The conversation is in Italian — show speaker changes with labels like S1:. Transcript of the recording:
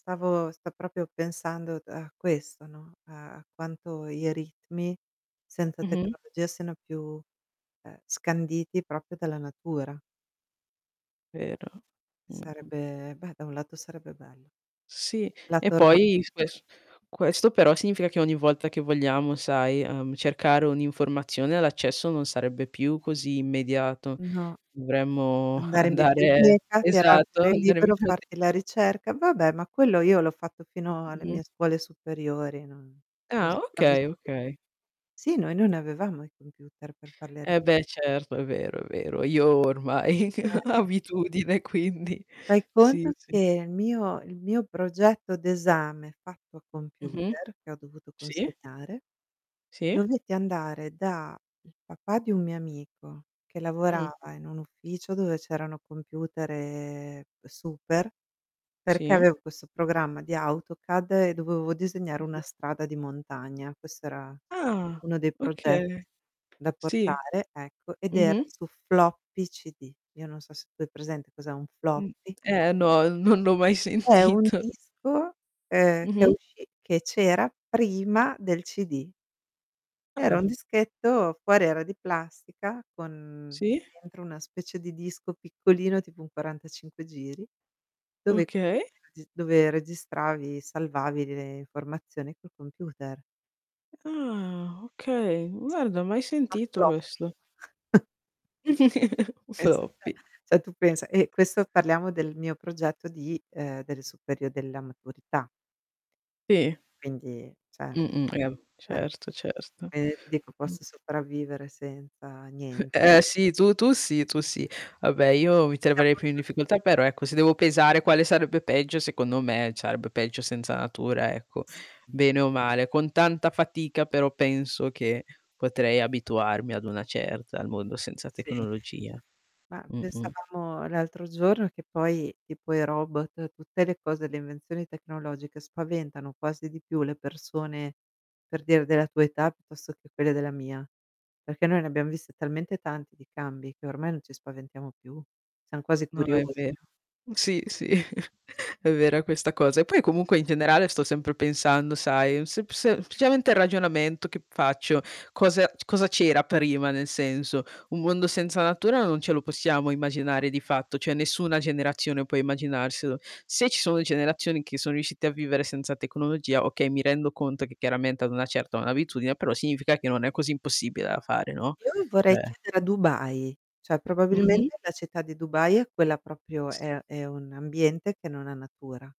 S1: Stavo sto proprio pensando a questo, no, a quanto i ritmi, senza
S2: Mh-mh.
S1: tecnologia siano più, ehm, scanditi proprio dalla natura.
S2: Vero. Mh-mh.
S1: Sarebbe beh, da un lato sarebbe bello.
S2: Sì. E
S1: Lato
S2: poi s
S1: romantico.
S2: ques questo però significa che ogni volta che vogliamo, sai, ehm, cercare un'informazione, l'accesso non sarebbe più così immediato.
S1: No.
S2: Dovremmo
S1: Andare in
S2: andare
S1: biblioteca, tirar
S2: esatto.
S1: fuori il libro,
S2: [unintelligible]
S1: farti la ricerca. Vabbè, ma quello io l'ho fatto fino alle
S2: Mh-mh.
S1: mie scuole superiori, non son
S2: Ah, okay,
S1: sopravvissuta.
S2: okay.
S1: Sì noi non avevamo i computer per fare le
S2: Eh,
S1: ricer
S2: beh, certo, è vero, è vero. Io ormai
S1: Eh.
S2: abitudine quindi,
S1: Fai
S2: sì,
S1: conto
S2: sì.
S1: che il mio il mio progetto d'esame fatto a
S2: Mh-mh.
S1: computer, che ho dovuto
S2: Sì.
S1: consegnare,
S2: Sì.
S1: dovetti andare da il papà di un mio amico, che
S2: Mh.
S1: lavorava in un ufficio dove c'erano computer super, perché
S2: Sì.
S1: avevo questo programma di Autocad e dovevo disegnare
S2: Mh-mh.
S1: una strada di montagna. Questo era
S2: Ah!
S1: uno dei
S2: Okay.
S1: progetti da
S2: Sì.
S1: portare, ecco, ed era
S2: Mh-mh.
S1: su Floppy CD. Io non so se tu hai presente cos'è un
S2: Mh.
S1: Floppy.
S2: Eh, no, non l'ho mai
S1: È un
S2: sentito.
S1: disco, ehm, che
S2: Mh-mh.
S1: uscì che c'era prima del CD. Era un
S2: Ah.
S1: dischetto, fuori era di plastica con
S2: Si.
S1: dentro una specie di disco piccolino tipo un 45 giri, dove i
S2: Okay.
S1: computer dove registravi, salvavi le informazioni col computer.
S2: Ah, okay, guarda, ho mai
S1: [unintelligible]
S2: sentito
S1: Floppy.
S2: questo. Un
S1: Es eh,
S2: floppy.
S1: cioè, tu pensa e questo parliamo del mio progetto di ehm, delle superio della maturità.
S2: Sì.
S1: Quindi, cioè
S2: Mh-mh, [unintelligible]
S1: eh.
S2: certo, certo.
S1: E ti dico
S2: Mh.
S1: posso sopravvivere senza niente.
S2: Eh, sì, tu tu sì tu sì. Vabbè, io mi troverei più in
S1: [unintelligible]
S2: difficoltà però, ecco, se devo pesare quale sarebbe peggio secondo me, sarebbe peggio senza natura, ecco,
S1: Sì.
S2: bene o male. Con tanta fatica però penso che potrei abituarmi ad una certa al mondo senza
S1: Sì.
S2: tecnologia.
S1: Ma
S2: Mh-mh.
S1: pensavamo l'altro giorno che poi tipo i robot, tutte le cose, le invenzioni tecnologiche, spaventano quasi di più le persone, per dire della tua età, piuttosto che quelle della mia. Perché noi ne abbiamo viste talmente tanti di cambi che ormai non ci spaventiamo più, siam quasi
S2: No, è
S1: curiosi
S2: vero.
S1: no?
S2: Sì, sì, è vera questa cosa. E poi comunque, in generale, sto sempre pensando, sai, sep semplicemente il ragionamento che faccio: cosa c cosa c'era prima, nel senso, un mondo senza natura non ce lo possiamo
S1: No.
S2: immaginare di fatto, cioè, nessuna generazione può immaginarselo. Se ci sono generazioni che sono riuscite a vivere senza tecnologia, okay, mi rendo conto che, chiaramente, hanno una certa un'abitudine, però significa che non è così impossibile da fare, no.
S1: Io [unintelligible] vorrei
S2: Cioè
S1: chiedere a Dubai. Cioè,
S2: Mh-mh.
S1: probabilmente la città di Dubai è quella proprio
S2: S
S1: è è un ambiente che non ha natura.